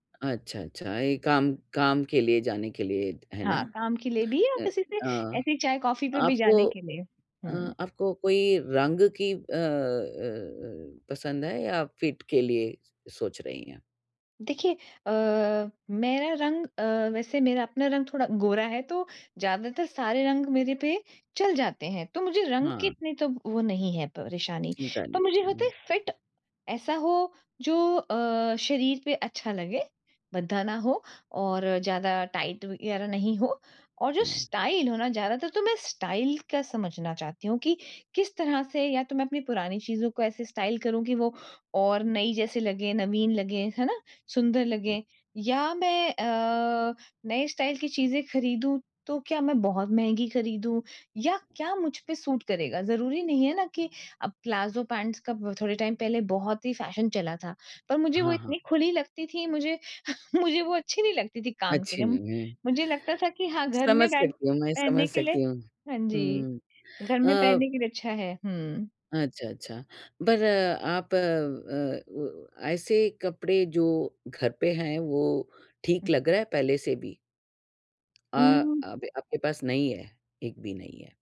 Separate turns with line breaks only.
अच्छा, अच्छा ये काम काम के लिए जाने के लिए, है ना?
हाँ, काम के लिए भी या
अ
फिर सिर्फ
अ,
ऐसे ही चाय-कॉफी पे भी
आपको
जाने के
अ,
लिए। हुँ।
आपको कोई रंग की अ अ अ, पसंद है या फिट के लिए स सोच रही हैं?
देखिए अ, मेरा रंग अ, वैसे मेरा अपना रंग थोड़ा गोरा है, तो ज़्यादातर सारे रंग मेरे पे चल जाते हैं, तो मुझे रंग की
हाँ।
इतनी तो वो नहीं है परेशानी।
चिंता
पर
नहीं,
मुझे होता
हुँ।
है फिट ऐसा हो, जो अ, शरीर पे अच्छा लगे, भद्दा ना हो और ज़्यादा टाइट वगैरह नहीं हो और जो
हुँ।
स्टाइल हो ना ज़्यादातर तो मैं स्टाइल का समझना चाहती हूँ, कि किस तरह से या तो मैं पुरानी चीज़ों को ऐसे स्टाइल करूँ कि वो और नई जैसी लगे, नवीन लगे, है ना? सुंदर लगें, या मैं अ, नए स्टाइल की चीज़े खरीदूँ, तो क्या मैं बहुत महँगी खरीदूँ या क्या मुझ पे सूट करेगा? ज़रूरी नहीं है ना कि अब प्लाजो पैंट्स का थोड़े टाइम पहले बहुत ही फ़ैशन चला था, पर मुझे वो
हाँ, हाँ।
इतनी खुली लगती थी, मुझे मुझे वो अच्छी नहीं लगती थी काम के
अच्छी
लिए। म
नहीं है।
मुझे लगता था कि हाँ, घर
समझ
में पहन
सकती हूँ, मैं
पहनने
समझ
के लिए
सकती हूँ।
हाँ जी,
हुँ,
घर में
अ
पहनने के लिए अच्छा है, हुँ।
अच्छा, अच्छा, बर आप अ, ओ ऐसे कपड़े जो घर पे हैं वो ठीक
हुँ।
लग रहा है पहले से भी? अ,
उम
अभी आपके पास नहीं है, एक भी नहीं है।